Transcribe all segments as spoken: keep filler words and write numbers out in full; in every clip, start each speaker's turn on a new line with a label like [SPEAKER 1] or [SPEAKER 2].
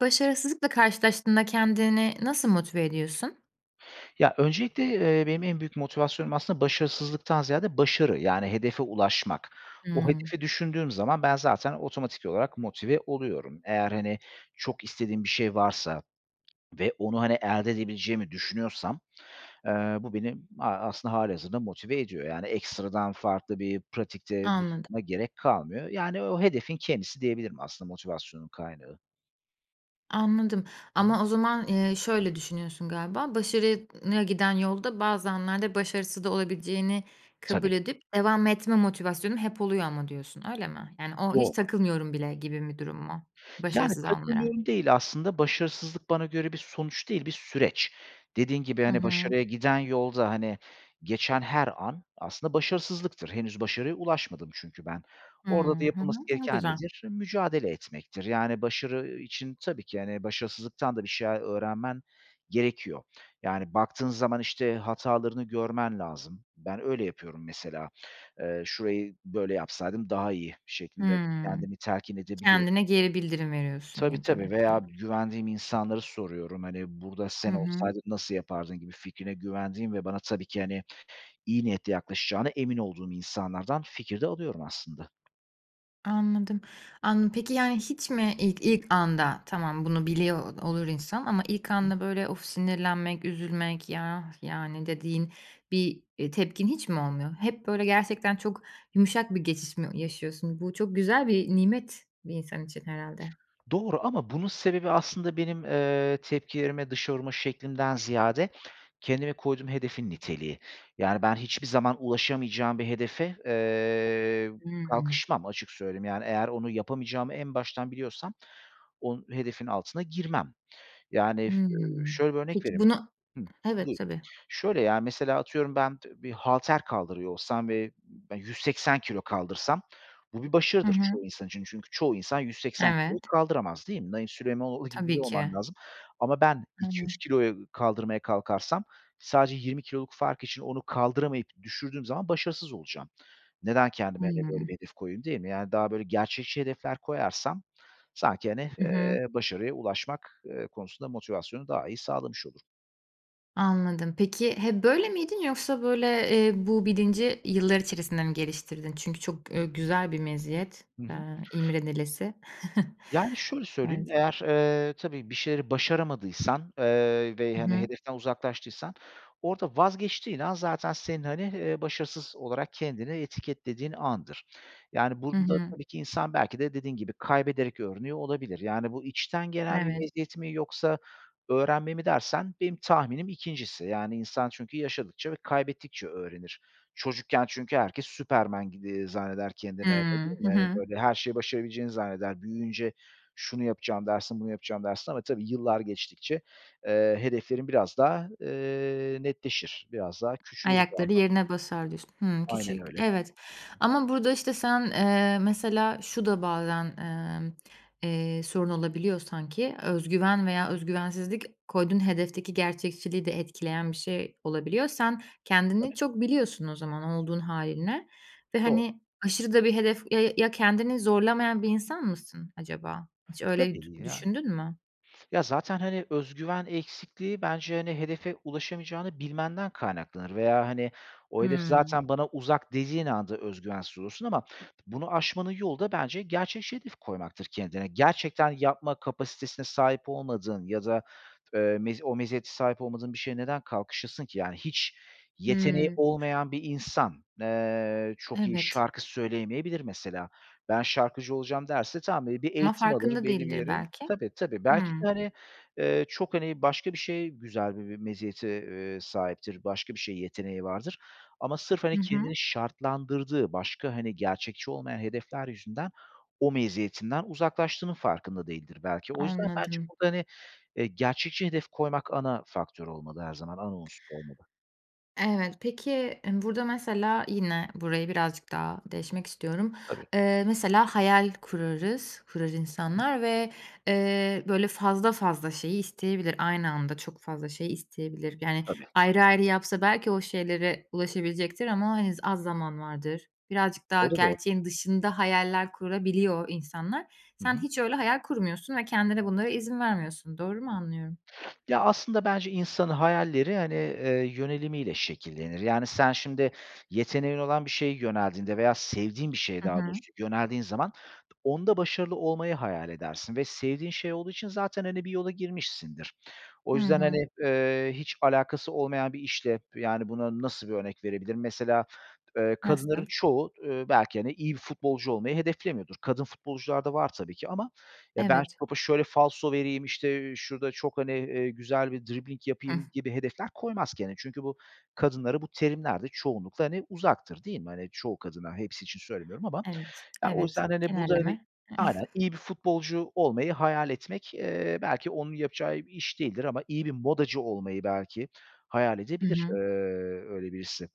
[SPEAKER 1] Başarısızlıkla karşılaştığında kendini nasıl motive ediyorsun?
[SPEAKER 2] Ya, öncelikle, eee, benim en büyük motivasyonum aslında başarısızlıktan ziyade başarı, yani, hedefe ulaşmak. O
[SPEAKER 1] Hıı.
[SPEAKER 2] hedefi düşündüğüm zaman ben zaten otomatik olarak motive oluyorum. Eğer hani çok istediğim bir şey varsa ve onu, hani, elde edebileceğimi düşünüyorsam, eee, bu benim a aslında hâlihazırda motive ediyor. Yani, ekstradan farklı bir pratikte
[SPEAKER 1] Anladım.
[SPEAKER 2] buna gerek kalmıyor. Yani, o hedefin kendisi diyebilirim aslında motivasyonun kaynağı.
[SPEAKER 1] Anladım
[SPEAKER 2] Hı hı.
[SPEAKER 1] ama o zaman, eee, şöyle düşünüyorsun galiba, başarıya n giden yolda bazı anlarda başarısız da olabileceğini
[SPEAKER 2] Tabii.
[SPEAKER 1] kabul edip devam etme motivasyonum hep oluyor ama diyorsun öyle mi? Yani, o hiç
[SPEAKER 2] Doğru.
[SPEAKER 1] takılmıyorum bile gibi bir durum mu
[SPEAKER 2] Yani,
[SPEAKER 1] başarısız anlara?
[SPEAKER 2] "takılmıyorum" değil aslında. Başarısızlık bana göre bir sonuç değil, bir süreç. Dediğin gibi,
[SPEAKER 1] Hı
[SPEAKER 2] hani,
[SPEAKER 1] hı.
[SPEAKER 2] başarıya giden yolda, hani, geçen her an aslında başarısızlıktır. Henüz başarıya ulaşmadım çünkü ben.
[SPEAKER 1] Hıı.
[SPEAKER 2] Orada da
[SPEAKER 1] Hı hı,
[SPEAKER 2] yapılması
[SPEAKER 1] ne
[SPEAKER 2] gereken
[SPEAKER 1] güzel.
[SPEAKER 2] nedir? Mücadele etmektir. Yani, başarı için tabii ki, hani, başarısızlıktan da bir şeyler öğrenmen gerekiyor. Yani, baktığın zaman, işte, hatalarını görmen lazım. Ben öyle yapıyorum mesela. Eee, "Şurayı böyle yapsaydım daha iyi..." şeklinde
[SPEAKER 1] Hıı.
[SPEAKER 2] kendimi telkin edebiliyorum.
[SPEAKER 1] Kendine geri bildirim veriyorsun
[SPEAKER 2] Tabii
[SPEAKER 1] ya da
[SPEAKER 2] tabii veya
[SPEAKER 1] mesela.
[SPEAKER 2] güvendiğim insanlara soruyorum. Hani, "Burada
[SPEAKER 1] Hı
[SPEAKER 2] sen
[SPEAKER 1] hı.
[SPEAKER 2] olsaydın nasıl yapardın?" gibi fikrine güvendiğim ve bana tabii ki, hani, iyi niyetle yaklaşacağına emin olduğum insanlardan fikir de alıyorum aslında.
[SPEAKER 1] Anladım. Anladım. Peki, yani, hiç mi ilk ilk anda tamam bunu biliyor olur insan ama ilk
[SPEAKER 2] Hı
[SPEAKER 1] anda, böyle, of, sinirlenmek üzülmek, ya, yani, dediğin bir, eee, tepkin hiç mi olmuyor? Hep, böyle, gerçekten çok yumuşak bir geçiş mi yaşıyorsun? Bu çok güzel bir nimet bir insan için herhâlde.
[SPEAKER 2] Doğru ama bunun sebebi aslında benim, eee, tepkilerimi dışa vurma şeklimden ziyade kendime koyduğum hedefin niteliği. Yani, ben hiçbir zaman ulaşamayacağım bir hedefe, eee,
[SPEAKER 1] Hıı.
[SPEAKER 2] kalkışmam açık söyleyeyim. Yani, eğer onu yapamayacağımı en baştan biliyorsam on hedefin altına girmem. Yani, f
[SPEAKER 1] Hıı.
[SPEAKER 2] ııı, şöyle bir örnek
[SPEAKER 1] Peki,
[SPEAKER 2] vereyim
[SPEAKER 1] bunu
[SPEAKER 2] Hıh,
[SPEAKER 1] evet,
[SPEAKER 2] buyur.
[SPEAKER 1] tabii.
[SPEAKER 2] Şöyle, ya, mesela, atıyorum, ben t bir halter kaldırıyor olsam ve yüz seksen kilo kaldırsam bu bir
[SPEAKER 1] Hı
[SPEAKER 2] başarıdır
[SPEAKER 1] hı.
[SPEAKER 2] çoğu insan için çünkü çoğu insan yüz seksen kiloyu
[SPEAKER 1] Evet.
[SPEAKER 2] kaldıramaz değil mi? Naim Süleymanoğlu gibi
[SPEAKER 1] Tabii
[SPEAKER 2] biri olman
[SPEAKER 1] ki.
[SPEAKER 2] lazım ama ben iki yüz
[SPEAKER 1] Aynen.
[SPEAKER 2] kiloyu kaldırmaya kalkarsam sadece yirmi kiloluk fark için onu kaldıramayıp düşürdüğüm zaman başarısız olacağım. Neden kendime, hani, böyle,
[SPEAKER 1] Hıı.
[SPEAKER 2] bir hedef koyayım değil mi? Yani, daha, böyle, gerçekçi hedefler koyarsam sanki, hani,
[SPEAKER 1] Hı hı.
[SPEAKER 2] eee, başarıya ulaşmak, eee, konusunda motivasyonu daha iyi sağlamış olurum.
[SPEAKER 1] Anladım. Peki hep böyle miydin yoksa, böyle, eee, bu bilinci yıllar içerisinde mi geliştirdin? Çünkü çok, eee, güzel bir meziyet,
[SPEAKER 2] Hı hı.
[SPEAKER 1] eee, imrenilesi.
[SPEAKER 2] Yani, şöyle söyleyeyim:
[SPEAKER 1] Evet.
[SPEAKER 2] Eğer, eee, tabii bir şeyleri başaramadıysan, eee, ve,
[SPEAKER 1] I
[SPEAKER 2] hani,
[SPEAKER 1] hı.
[SPEAKER 2] hedeften uzaklaştıysan orada vazgeçtiğin an zaten senin, hani, eee, başarısız olarak kendini etiketlediğin andır. Yani,
[SPEAKER 1] Hı
[SPEAKER 2] burada,
[SPEAKER 1] hı.
[SPEAKER 2] tabii ki, insan belki de, dediğin gibi, kaybederek öğreniyor olabilir. Yani, "Bu içten gelen bir
[SPEAKER 1] Evet.
[SPEAKER 2] meziyet mi yoksa öğrenme mi?" dersen benim tahminim ikincisi. Yani, insan çünkü yaşadıkça ve kaybettikçe öğrenir. Çocukken çünkü herkes Superman gibi zanneder
[SPEAKER 1] Hıı.
[SPEAKER 2] kendini, öyle değil
[SPEAKER 1] Hı
[SPEAKER 2] mi?
[SPEAKER 1] hı.
[SPEAKER 2] Böyle, her şeyi başarabileceğini zanneder. Büyüyünce şunu yapacağım, dersin; bunu yapacağım, dersin ama tabii yıllar geçtikçe, eee, hedeflerin biraz daha, eee, netleşir. Biraz daha küçülür bu
[SPEAKER 1] Ayakları
[SPEAKER 2] anlamda.
[SPEAKER 1] yerine basar, diyorsun. Hıı.
[SPEAKER 2] Aynen
[SPEAKER 1] Küçük,
[SPEAKER 2] öyle.
[SPEAKER 1] evet. Ama burada işte sen, eee, mesela, şu da bazen, emm, eee, sorun olabiliyor sanki: Öz güven veya öz güvensizlik koyduğun hedefteki gerçekçiliği de etkileyen bir şey olabiliyor. Sen
[SPEAKER 2] Tabii.
[SPEAKER 1] kendini çok biliyorsun o zaman olduğun hâlinle ve,
[SPEAKER 2] Doğru.
[SPEAKER 1] hani, aşırı da bir hedef, ya ya kendini zorlamayan bir insan mısın acaba? Hiç öyle dü
[SPEAKER 2] Tabii, ya.
[SPEAKER 1] düşündün mü?
[SPEAKER 2] Ya, zaten, hani, öz güven eksikliği bence, hani, hedefe ulaşamayacağını bilmenden kaynaklanır veya, hani, "O hedef
[SPEAKER 1] Hıı.
[SPEAKER 2] zaten bana uzak." dediğin anda öz güvensiz olursun ama bunu aşmanın yolu da bence gerçekçi hedef koymaktır kendine. Gerçekten yapma kapasitesine sahip olmadığın ya da, eee, mezi o meziyete sahip olmadığın bir şeye neden kalkışasın ki? Yani, hiç yeteneği
[SPEAKER 1] Hıı.
[SPEAKER 2] olmayan bir insan, eee, çok iyi
[SPEAKER 1] Evet.
[SPEAKER 2] şarkı söyleyemeyebilir mesela. Ben şarkıcı olacağım, derse tamam. Hani, bir
[SPEAKER 1] Ama
[SPEAKER 2] eğitim alır
[SPEAKER 1] farkında
[SPEAKER 2] belli bir
[SPEAKER 1] değildir
[SPEAKER 2] yere
[SPEAKER 1] belki.
[SPEAKER 2] Tabii, tabii. Belki de,
[SPEAKER 1] Hıı.
[SPEAKER 2] hani, eee, çok hani başka bir şey, güzel bi bir meziyete, eee, sahiptir, başka bir şeye yeteneği vardır ama sırf, hani,
[SPEAKER 1] Hı hı.
[SPEAKER 2] kendini şartlandırdığı başka, hani, gerçekçi olmayan hedefler yüzünden o meziyetinden uzaklaştığının farkında değildir belki. O yüzden bence
[SPEAKER 1] Anladım.
[SPEAKER 2] burada, hani, eee, gerçekçi hedef koymak ana faktör olmalı her zaman, ana unsur olmalı.
[SPEAKER 1] Evet. Peki, eee, burada, mesela, yine burayı birazcık daha deşmek istiyorum.
[SPEAKER 2] Tabii.
[SPEAKER 1] Eee, mesela hayal kurarız, kurar
[SPEAKER 2] Hı hı.
[SPEAKER 1] insanlar ve, eee, böyle fazla fazla şeyi isteyebilir, aynı anda çok fazla şey isteyebilir. Yani,
[SPEAKER 2] Tabii.
[SPEAKER 1] ayrı ayrı yapsa belki o şeylere ulaşabilecektir ama, hani, z az zaman vardır. Birazcık daha
[SPEAKER 2] O da doğru.
[SPEAKER 1] gerçeğin dışında hayaller kurabiliyor insanlar.
[SPEAKER 2] Hı hı.
[SPEAKER 1] Sen hiç öyle hayal kurmuyorsun ve kendine bunlara izin vermiyorsun. Doğru mu anlıyorum?
[SPEAKER 2] Ya, aslında bence insanın hayalleri, hani, eee, yönelimiyle şekillenir. Yani sen şimdi yeteneğin olan bir şeye yöneldiğinde veya sevdiğin bir şeye
[SPEAKER 1] Hı
[SPEAKER 2] daha
[SPEAKER 1] hı.
[SPEAKER 2] doğrusu yöneldiğin zaman onda başarılı olmayı hayal edersin ve sevdiğin şey olduğu için zaten, hani, bir yola girmişsindir. O
[SPEAKER 1] Hı
[SPEAKER 2] yüzden,
[SPEAKER 1] hı.
[SPEAKER 2] hani, eee, hiç alakası olmayan bir işle, yani, buna nasıl bir örnek verebilirim? Mesela, eee, kadınların
[SPEAKER 1] Nasıl?
[SPEAKER 2] çoğu, eee, belki, hani, iyi bir futbolcu olmayı hedeflemiyordur. Kadın futbolcular da var tabii ki. Ama "Ya, ben
[SPEAKER 1] Evet.
[SPEAKER 2] topa şöyle falso vereyim", işte, "şurada çok", hani, eee, "güzel bir dribbling
[SPEAKER 1] Hıh.
[SPEAKER 2] yapayım." gibi hedefler koymaz kendine. Çünkü bu, kadınlara bu terimler de çoğunlukla, hani, uzaktır, değil mi? Hani, çoğu kadına, hepsi için söylemiyorum ama.
[SPEAKER 1] Evet,
[SPEAKER 2] Ya, o
[SPEAKER 1] evet,
[SPEAKER 2] yüzden, hani, burada, hani
[SPEAKER 1] genelleme.
[SPEAKER 2] aynen, iyi bir futbolcu olmayı hayal etmek, eee, belki onun yapacağı bir iş değildir ama iyi bir modacı olmayı belki hayal
[SPEAKER 1] Hı
[SPEAKER 2] edebilir, eee,
[SPEAKER 1] hı.
[SPEAKER 2] öyle birisi.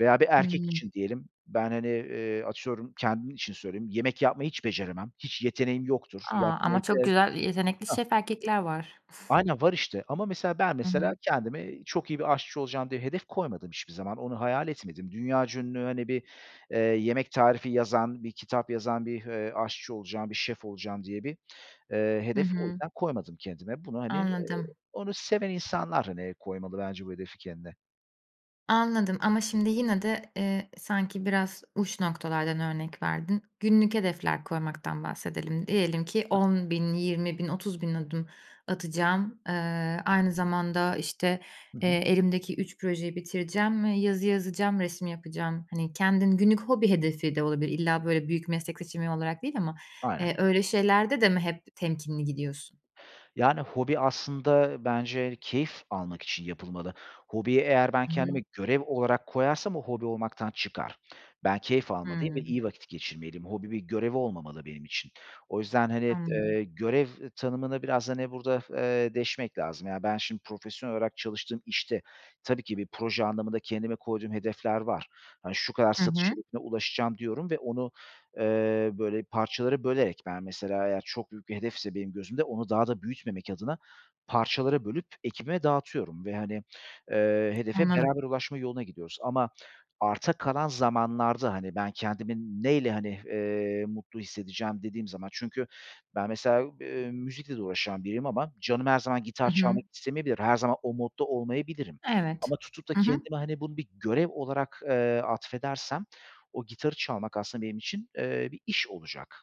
[SPEAKER 2] Veya bir erkek
[SPEAKER 1] Hıı.
[SPEAKER 2] için diyelim; ben, hani, eee, atıyorum, kendim için söyleyeyim, yemek yapmayı hiç beceremem, hiç yeteneğim yoktur.
[SPEAKER 1] A! Ama çok
[SPEAKER 2] [unintelligible]
[SPEAKER 1] güzel yetenekli
[SPEAKER 2] Hah.
[SPEAKER 1] şef erkekler var.
[SPEAKER 2] Aynen, var işte. Ama, mesela, ben
[SPEAKER 1] Hı
[SPEAKER 2] mesela
[SPEAKER 1] hı.
[SPEAKER 2] kendime "Çok iyi bir aşçı olacağım." diye hedef koymadım hiçbir zaman. Onu hayal etmedim. Dünyaca ünlü, hani, bir, eee, yemek tarifi yazan, bir kitap yazan, bir, eee, aşçı olacağım, bir şef olacağım diye bir, eee,
[SPEAKER 1] Hı
[SPEAKER 2] hedef o
[SPEAKER 1] hı.
[SPEAKER 2] yüzden koymadım kendime. Bunu, hani, eee,
[SPEAKER 1] Anladım.
[SPEAKER 2] onu seven insanlar, hani, koymalı bence bu hedefi kendine.
[SPEAKER 1] Anladım. Ama şimdi yine de, eee, sanki biraz uç noktalardan örnek verdin. Günlük hedefler koymaktan bahsedelim. Diyelim ki
[SPEAKER 2] Ta
[SPEAKER 1] on bin, yirmi bin, otuz bin adım atacağım, eee, aynı zamanda, işte,
[SPEAKER 2] Hı
[SPEAKER 1] eee,
[SPEAKER 2] hı.
[SPEAKER 1] elimdeki üç projeyi bitireceğim ve yazı yazacağım, resim yapacağım. Hani, kendin günlük hobi hedefi de olabilir, illa böyle büyük meslek seçimi olarak değil ama,
[SPEAKER 2] Aynen.
[SPEAKER 1] eee, öyle şeylerde de mi hep temkinli gidiyorsun?
[SPEAKER 2] Yani, hobi aslında bence, yani, keyif almak için yapılmalı. Hobiyi eğer ben
[SPEAKER 1] Hı
[SPEAKER 2] kendime
[SPEAKER 1] hı.
[SPEAKER 2] görev olarak koyarsam o hobi olmaktan çıkar. Ben keyif almalıyım ve
[SPEAKER 1] Hımm.
[SPEAKER 2] iyi vakit geçirmeliyim. Hobi bir görev olmamalı benim için. O yüzden, hani, t
[SPEAKER 1] Anladım.
[SPEAKER 2] eee, görev tanımını biraz, hani, burada, f eee, deşmek lazım. Yani, ben şimdi profesyonel olarak çalıştığım işte tabii ki bir proje anlamında kendime koyduğum hedefler var. Hani, şu kadar
[SPEAKER 1] Hı
[SPEAKER 2] satış
[SPEAKER 1] hı.
[SPEAKER 2] hedefine ulaşacağım, diyorum ve onu, eee, böyle, parçalara bölerek Ben mesela eğer çok büyük bir hedefse benim gözümde, onu daha da büyütmemek adına parçalara bölüp ekibime dağıtıyorum ve, hani, eee, hedefe
[SPEAKER 1] Anladım.
[SPEAKER 2] beraber ulaşma yoluna gidiyoruz. Ama arta kalan zamanlarda, hani, "Ben kendimin ne ile, hani, eee, mutlu hissedeceğim?" dediğim zaman Çünkü ben mesela u b eee, müzikle de uğraşan biriyim ama canım her zaman gitar
[SPEAKER 1] I hı.
[SPEAKER 2] çalmak istemeyebilir. Her zaman o modda olmayabilirim
[SPEAKER 1] Evet,
[SPEAKER 2] ama tutup da
[SPEAKER 1] hı hı.
[SPEAKER 2] kendime, hani, bunu bir görev olarak, eee, atfedersem, o gitarı çalmak aslında benim için, eee, bir iş olacak.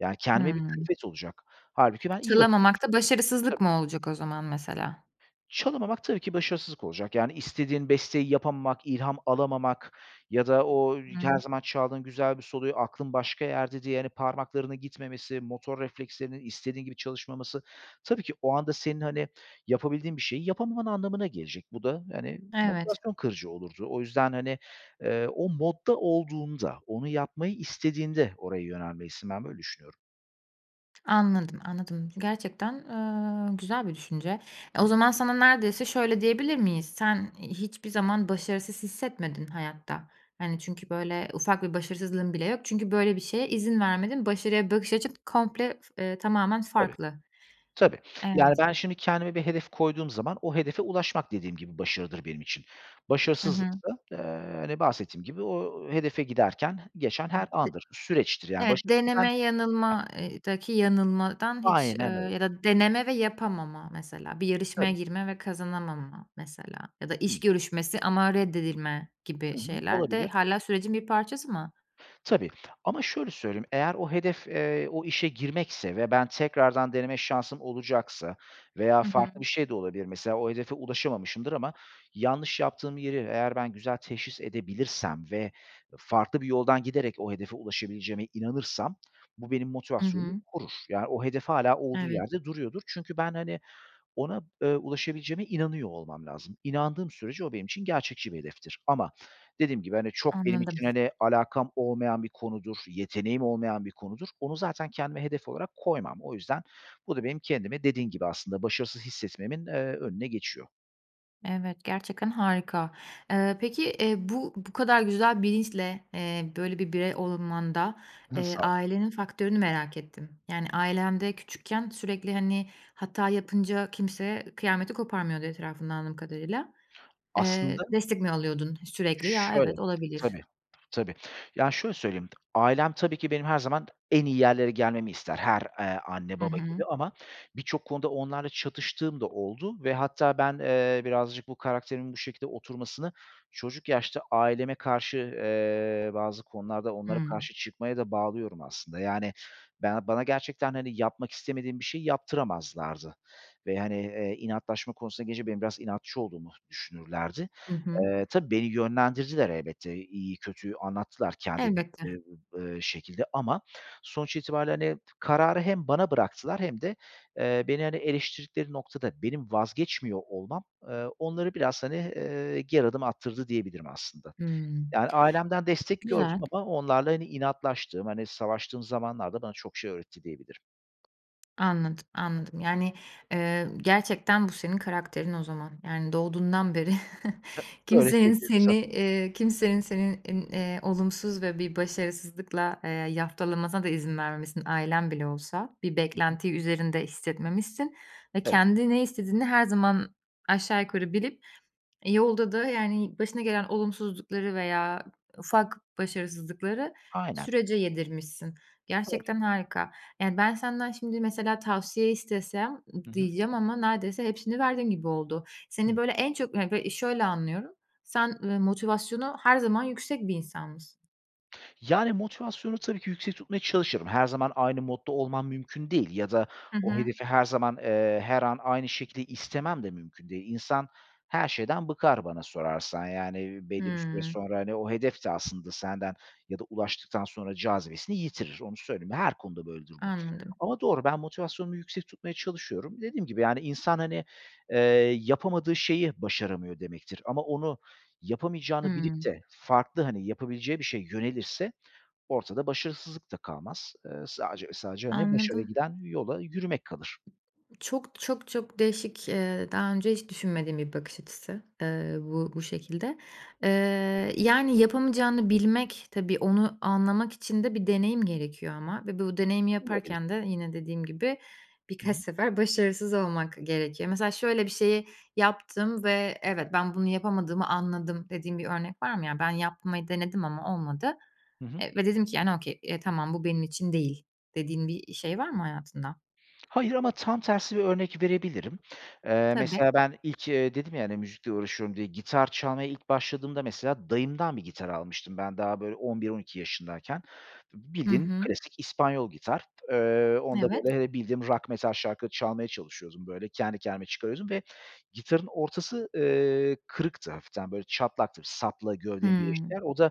[SPEAKER 2] Yani, kendime bir
[SPEAKER 1] Hımm.
[SPEAKER 2] külfet olacak. Hâlbuki ben iyi vaki geçi
[SPEAKER 1] Çalamamak da
[SPEAKER 2] ki.
[SPEAKER 1] başarısızlık
[SPEAKER 2] Tabii.
[SPEAKER 1] mı olacak o zaman mesela?
[SPEAKER 2] Çalamamak tabii ki başarısızlık olacak. Yani, istediğin besteyi yapamamak, ilham alamamak ya da o ri her
[SPEAKER 1] Hımm.
[SPEAKER 2] zaman çaldığın güzel bir soloyu aklın başka yerde diye, hani, parmaklarının gitmemesi, motor reflekslerinin istediğin gibi çalışmaması... Tabii ki o anda senin, hani, yapabildiğin bir şeyi yapamaman anlamına gelecek. Bu da, hani,
[SPEAKER 1] Evet.
[SPEAKER 2] motivasyon kırıcı olurdu. O yüzden, hani, eee, o modda olduğunda, onu yapmayı istediğinde oraya yönelmelisin. Ben böyle düşünüyorum.
[SPEAKER 1] Anladım, anladım gerçekten, ııı, güzel bir düşünce. E, o
[SPEAKER 2] Hıı.
[SPEAKER 1] zaman sana neredeyse şöyle diyebilir miyiz: Sen, iii, hiçbir zaman başarısız hissetmedin hayatta. Hani, çünkü, böyle, ufak bir başarısızlığın bile yok. Çünkü, böyle, bir şeye izin vermedin, başarıya bakış açın komple f ııı, tamamen
[SPEAKER 2] Tabii.
[SPEAKER 1] farklı.
[SPEAKER 2] Tabii, yani
[SPEAKER 1] Evet.
[SPEAKER 2] ben şimdi kendime bir hedef koyduğum zaman o hedefe ulaşmak dediğim gibi başarıdır benim için.
[SPEAKER 1] Hı hı.
[SPEAKER 2] Başarısızlıksa, eee, hani, bahsettiğim gibi o hedefe giderken geçen her
[SPEAKER 1] [unintelligible]
[SPEAKER 2] andır, süreçtir, yani,
[SPEAKER 1] Evet,
[SPEAKER 2] başarısından.
[SPEAKER 1] deneme
[SPEAKER 2] Heh
[SPEAKER 1] yanılma ııı, daki yanılmadan hiç,
[SPEAKER 2] Aynen
[SPEAKER 1] ııı,
[SPEAKER 2] öyle.
[SPEAKER 1] ya da deneme ve yapamama, mesela, bir yarışmaya
[SPEAKER 2] Tabii.
[SPEAKER 1] girme ve kazanamama, mesela, ya da iş
[SPEAKER 2] Hıı.
[SPEAKER 1] görüşmesi ama reddedilme
[SPEAKER 2] Hı
[SPEAKER 1] gibi
[SPEAKER 2] hı.
[SPEAKER 1] şeyler de
[SPEAKER 2] Olabilir.
[SPEAKER 1] hâlâ sürecin bir parçası mı?
[SPEAKER 2] Tabii ama şöyle söyleyeyim eğer o hedef, eee, o işe girmekse ve ben tekrardan deneme şansım olacaksa veya
[SPEAKER 1] Hı hı.
[SPEAKER 2] farklı bir şey de olabilir. Mesela, o hedefe ulaşamamışımdır ama yanlış yaptığım yeri eğer ben güzel teşhis edebilirsem ve farklı bir yoldan giderek o hedefe ulaşabileceğime inanırsam bu benim
[SPEAKER 1] Hı
[SPEAKER 2] motivasyonumu
[SPEAKER 1] hı.
[SPEAKER 2] korur. Ya, o hedef hâlâ olduğu
[SPEAKER 1] Evet.
[SPEAKER 2] yerde duruyordur. Çünkü ben, hani, ona, ııı, ulaşabileceğime inanıyor olmam lazım. İnandığım sürece o benim için gerçekçi bir hedeftir ama dediğim gibi, hani, çok benim
[SPEAKER 1] Anladım.
[SPEAKER 2] için, hani, alakam olmayan bir konudur, yeteneğim olmayan bir konudur. Onu zaten kendime hedef olarak koymam. O yüzden bu da benim kendimi dediğim gibi aslında başarısız hissetmemin, eee, önüne geçiyor.
[SPEAKER 1] Evet, gerçekten harika. Eee, peki, eee, bu bu kadar güzel bilinçle, eee, böyle bir birey olunmanda, eee,
[SPEAKER 2] Sağol.
[SPEAKER 1] ailenin faktörünü merak ettim. Yani, ailen de küçükken sürekli, hani, hata yapınca kimse kıyameti koparmıyordu etrafında anladığım kadarıyla. Eee,
[SPEAKER 2] Aslında
[SPEAKER 1] destek mi alıyordun e sürekli? Ya,
[SPEAKER 2] Şöyle.
[SPEAKER 1] evet, olabilir.
[SPEAKER 2] Tabii, tabii. Yani, şöyle söyleyeyim, ailem tabii ki benim her zaman en iyi yerlere gelmemi ister. Her, eee, anne,
[SPEAKER 1] I
[SPEAKER 2] baba gibi
[SPEAKER 1] hı.
[SPEAKER 2] ama birçok konuda onlarla çatıştığım da oldu ve hatta ben, eee, birazcık bu karakterimin bu şekilde oturmasını çocuk yaşta aileme karşı, eee, bazı konularda onlara
[SPEAKER 1] Hımm.
[SPEAKER 2] karşı çıkmaya da bağlıyorum aslında. Yani, ben bana gerçekten, hani, yapmak istemediğim bir şeyi yaptıramazlardı ve hani, eee, inatlaşma konusuna gelince benim biraz inatçı olduğumu düşünürlerdi.
[SPEAKER 1] I hı.
[SPEAKER 2] Eee, tabii beni yönlendirdiler elbette. İyiyi, kötüyü anlattılar kendi
[SPEAKER 1] Elbette.
[SPEAKER 2] bildikleri, eee, şekilde. Ama sonuç itibariyle, hani, kararı hem bana bıraktılar hem de, eee, beni, hani, eleştirdikleri noktada benim vazgeçmiyor olmam, eee, onları biraz, hani, eee, geri adım attırdı diyebilirim aslında.
[SPEAKER 1] Hımm.
[SPEAKER 2] Yani, ailemden destek gördüm
[SPEAKER 1] Güzel.
[SPEAKER 2] ama onlarla, hani, inatlaştığım, hani, savaştığım zamanlarda bana çok şey öğretti, diyebilirim.
[SPEAKER 1] Anladım, anladım. Yani, eee, gerçekten bu senin karakterin o zaman. Yani, doğduğundan beri
[SPEAKER 2] He öyle
[SPEAKER 1] kimsenin
[SPEAKER 2] diyebiliriz,
[SPEAKER 1] seni
[SPEAKER 2] sanırım.
[SPEAKER 1] eee, kimsenin seni in eee, olumsuz ve bir başarısızlıkla, eee, yaftalamasına da izin vermemişsin, ailen bile olsa. Bir
[SPEAKER 2] Hı hı.
[SPEAKER 1] beklentiyi üzerinde hissetmemişsin ve
[SPEAKER 2] Evet.
[SPEAKER 1] kendi ne istediğini her zaman aşağı yukarı bilip, eee, yolda da, yani, başına gelen olumsuzlukları veya ufak başarısızlıkları
[SPEAKER 2] Aynen.
[SPEAKER 1] sürece yedirmişsin.
[SPEAKER 2] Öyle.
[SPEAKER 1] Gerçekten harika. Yani, ben senden şimdi mesela tavsiye istesem ı
[SPEAKER 2] Hı hı.
[SPEAKER 1] diyeceğim ama neredeyse hepsini verdin gibi oldu. Seni
[SPEAKER 2] Hımm.
[SPEAKER 1] böyle en çok yani, böyle, i şöyle anlıyorum, sen, ııı, motivasyonu her zaman yüksek bir insanmışsın.
[SPEAKER 2] Yani, motivasyonu tabii ki yüksek tutmaya çalışırım. Her zaman aynı modda olmam mümkün değil ya da
[SPEAKER 1] Hı
[SPEAKER 2] o
[SPEAKER 1] hı.
[SPEAKER 2] hedefi her zaman, eee, her an aynı şekilde istemem de mümkün değil. İnsan her şeyden bıkar bana sorarsan, yani, iii, belli bir süre
[SPEAKER 1] Hımm.
[SPEAKER 2] sonra, hani, o hedef de aslında senden ya da ulaştıktan sonra cazibesini yitirir, onu söyleyeyim. Her konuda böyledir bu.
[SPEAKER 1] Anladım.
[SPEAKER 2] Ama doğru, ben motivasyonumu yüksek tutmaya çalışıyorum. Dediğim gibi, yani, insan, hani, eee, yapamadığı şeyi başaramıyor demektir ama onu yapamayacağını bilip
[SPEAKER 1] Hımm.
[SPEAKER 2] de farklı, hani, yapabileceği bir şeye yönelirse ortada başarısızlık da kalmaz. Eee, sadece ve sadece, hani, başarıya
[SPEAKER 1] Anladım.
[SPEAKER 2] giden yola yürümek kalır.
[SPEAKER 1] Çok, çok, çok değişik, eee daha önce hiç düşünmediğim bir bakış açısı, eee, bu bu şekilde. Eee, yani, yapamayacağını bilmek, tabii, onu anlamak için de bir deneyim gerekiyor ama ve bu deneyimi
[SPEAKER 2] Olabilir.
[SPEAKER 1] yaparken de yine dediğim gibi
[SPEAKER 2] Hı
[SPEAKER 1] birkaç
[SPEAKER 2] hı.
[SPEAKER 1] sefer başarısız olmak gerekiyor. Mesela, şöyle bir şeyi yaptım ve evet, ben bunu yapamadığımı anladım dediğin bir örnek var mı? Yani, ben yapmayı denedim ama olmadı,
[SPEAKER 2] Hı hı.
[SPEAKER 1] eee, ve dedim ki, yani, okay, tamam, bu benim için değil, dediğin bir, eee, şey var mı hayatında?
[SPEAKER 2] Hayır ama tam tersi bir örnek verebilirim. Eee,
[SPEAKER 1] Tabii.
[SPEAKER 2] mesela ben ilk, eee, dedim ya, hani, müzikle uğraşıyorum diye, gitar çalmaya ilk başladığımda, mesela, dayımdan bir gitar almıştım, ben daha, böyle, on bir on iki yaşındayken.
[SPEAKER 1] Hı
[SPEAKER 2] Bildiğin
[SPEAKER 1] hı.
[SPEAKER 2] klasik İspanyol gitar, eee, onda,
[SPEAKER 1] Evet.
[SPEAKER 2] böyle, eee, bildiğim rock, metal şarkıları çalmaya çalışıyordum, böyle, kendi kendime çıkarıyordum ve gitarın ortası, eee, kırıktı hafiften, böyle, çatlaktı, sapla gövdenin birleştiği yer.
[SPEAKER 1] Hımm.
[SPEAKER 2] O da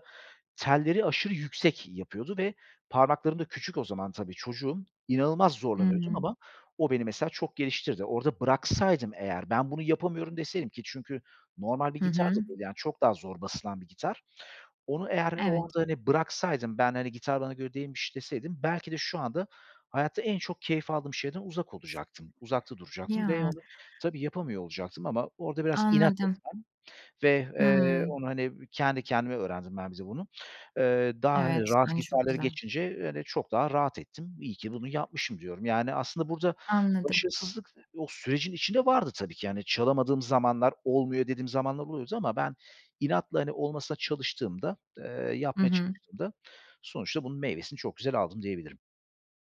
[SPEAKER 2] telleri aşırı yüksek yapıyordu ve parmaklarım da küçük, o zaman tabii çocuğum. İnanılmaz
[SPEAKER 1] Hı
[SPEAKER 2] zorlanıyordum
[SPEAKER 1] hı.
[SPEAKER 2] ama o beni, mesela, çok geliştirdi. Orada bıraksaydım, eğer, ben bunu yapamıyorum deseydim ki, çünkü normal bir
[SPEAKER 1] Hı
[SPEAKER 2] gitar
[SPEAKER 1] hı.
[SPEAKER 2] da değil, yani, çok daha zor basılan bir gitar. Onu eğer o anda,
[SPEAKER 1] Evet.
[SPEAKER 2] hani, bıraksaydım, ben, hani, gitar bana göre değilmiş deseydim, belki de şu anda hayatta en çok keyif aldığım şeyden uzak olacaktım, uzakta duracaktım ve
[SPEAKER 1] Ya.
[SPEAKER 2] onu tabii yapamıyor olacaktım ama orada biraz inat
[SPEAKER 1] Anladım.
[SPEAKER 2] etmem ve, eee,
[SPEAKER 1] Hımm.
[SPEAKER 2] onu, hani, kendi kendime öğrendim ben, bir de bunu. Eee, daha, hani,
[SPEAKER 1] Evet.
[SPEAKER 2] rahat
[SPEAKER 1] [unintelligible] Çok
[SPEAKER 2] gitarları
[SPEAKER 1] güzel.
[SPEAKER 2] geçince, hani, çok daha rahat ettim, iyi ki bunu yapmışım, diyorum. Yani, aslında burada
[SPEAKER 1] Anladım.
[SPEAKER 2] başarısızlık o sürecin içinde vardı tabii ki, hani, çalamadığım zamanlar olmuyor dediğim zamanlar oluyordu ama ben inatla, hani, olmasına çalıştığımda, eee,
[SPEAKER 1] Hı
[SPEAKER 2] yapmaya
[SPEAKER 1] hı.
[SPEAKER 2] çalıştığımda, sonuçta bunun meyvesini çok güzel aldım, diyebilirim.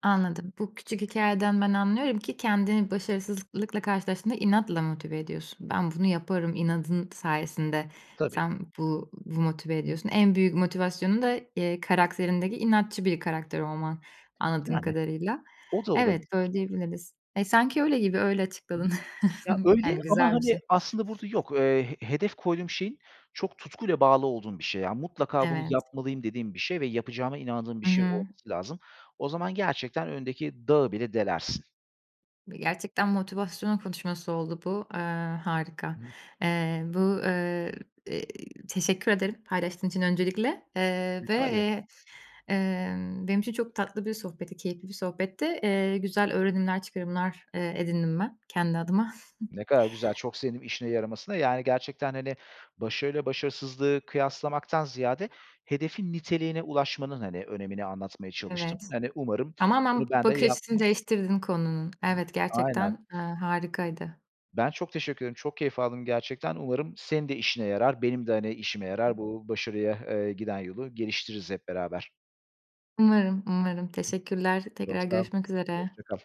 [SPEAKER 1] Anladım. Bu küçük hikâyeden ben anlıyorum ki kendini başarısızlıklıkla karşılaştığında inatla motive ediyorsun. Ben bunu yaparım, inadın sayesinde
[SPEAKER 2] Tabii.
[SPEAKER 1] sen bu bu motive ediyorsun. En büyük motivasyonu da, eee, karakterindeki inatçı bir karakter olman anladığım
[SPEAKER 2] Yani,
[SPEAKER 1] kadarıyla.
[SPEAKER 2] o da
[SPEAKER 1] Evet,
[SPEAKER 2] olabilir.
[SPEAKER 1] böyle diyebiliriz. E, sanki öyle gibi, öyle
[SPEAKER 2] Hı hı.
[SPEAKER 1] açıkladın.
[SPEAKER 2] Ya, öyle
[SPEAKER 1] Yani,
[SPEAKER 2] ama
[SPEAKER 1] güzel bir
[SPEAKER 2] hani,
[SPEAKER 1] şey.
[SPEAKER 2] aslında burada yok, eee, he hedef koyduğum şeyin çok tutkuyla bağlı olduğum bir şey, yani, "Mutlaka bunu
[SPEAKER 1] Evet.
[SPEAKER 2] yapmalıyım." dediğim bir şey ve yapacağıma inandığım bir
[SPEAKER 1] Hı
[SPEAKER 2] şey
[SPEAKER 1] hı.
[SPEAKER 2] olması lazım. O zaman gerçekten önündeki dağı bile delersin.
[SPEAKER 1] Ve gerçekten motivasyon konuşması oldu bu, eee, harika.
[SPEAKER 2] [unintelligible]
[SPEAKER 1] Eee, bu, ııı, iii, teşekkür ederim paylaştığın için öncelikle. Eee, ve,
[SPEAKER 2] Rica ederim.
[SPEAKER 1] eee, ımm, benim için çok tatlı bir sohbetti, keyifli bir sohbetti. Eee, güzel öğrenimler, çıkarımlar, eee, edindim ben kendi adıma.
[SPEAKER 2] Ne kadar güzel, çok sevindim işine yaramasına. Yani, gerçekten, hani, başarıyla başarısızlığı kıyaslamaktan ziyade hedefin niteliğine ulaşmanın, hani, önemini anlatmaya çalıştım.
[SPEAKER 1] Evet.
[SPEAKER 2] Hani, umarım,
[SPEAKER 1] Tamamen
[SPEAKER 2] hani, ben de
[SPEAKER 1] bakış açısını
[SPEAKER 2] yapmaya
[SPEAKER 1] değiştirdin konunun. Evet,
[SPEAKER 2] Aynen.
[SPEAKER 1] gerçekten, ııı, harikaydı.
[SPEAKER 2] Ben çok teşekkür ederim, çok keyif aldım gerçekten. Umarım senin de işine yarar, benim de, hani, işime
[SPEAKER 1] Hı hı.
[SPEAKER 2] yarar. Bu başarıya, eee, giden yolu geliştiririz hep beraber.
[SPEAKER 1] Umarım, umarım. Teşekkürler.
[SPEAKER 2] Çok
[SPEAKER 1] Tekrar
[SPEAKER 2] sağ ol.
[SPEAKER 1] görüşmek üzere.
[SPEAKER 2] Hoşça kal.